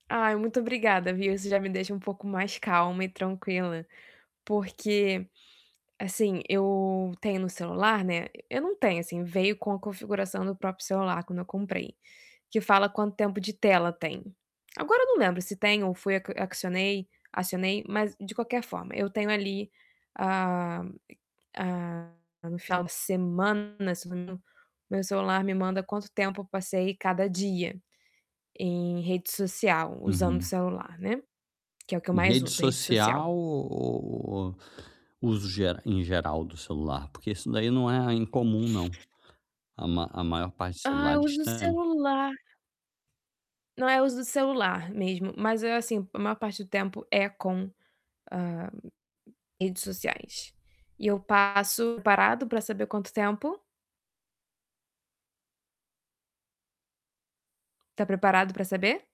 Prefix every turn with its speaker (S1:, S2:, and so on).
S1: Ai, muito obrigada, viu, isso já me deixa um pouco mais calma e tranquila, porque, assim, eu tenho no celular, né, eu não tenho assim veio com a configuração do próprio celular quando eu comprei, que fala quanto tempo de tela tem. Agora eu não lembro se tem ou foi acionei acionei, mas de qualquer forma eu tenho ali, a a como fala final de semana, meu celular me manda quanto tempo eu passei cada dia, em rede social usando o
S2: Uhum.
S1: celular, né, que é o que eu
S2: Em
S1: mais
S2: rede
S1: uso, rede social.
S2: social ou ou ou uso e em geral do celular, porque isso daí né a incomum não, a a maior parte de
S1: Ah, eu
S2: celulares
S1: uso
S2: tem.
S1: celular. Não, é, uso do celular mesmo mas é assim, maior parte do tempo é com, hã, redes sociais. E eu passo preparado pra saber quanto tempo? Tá preparado pra saber?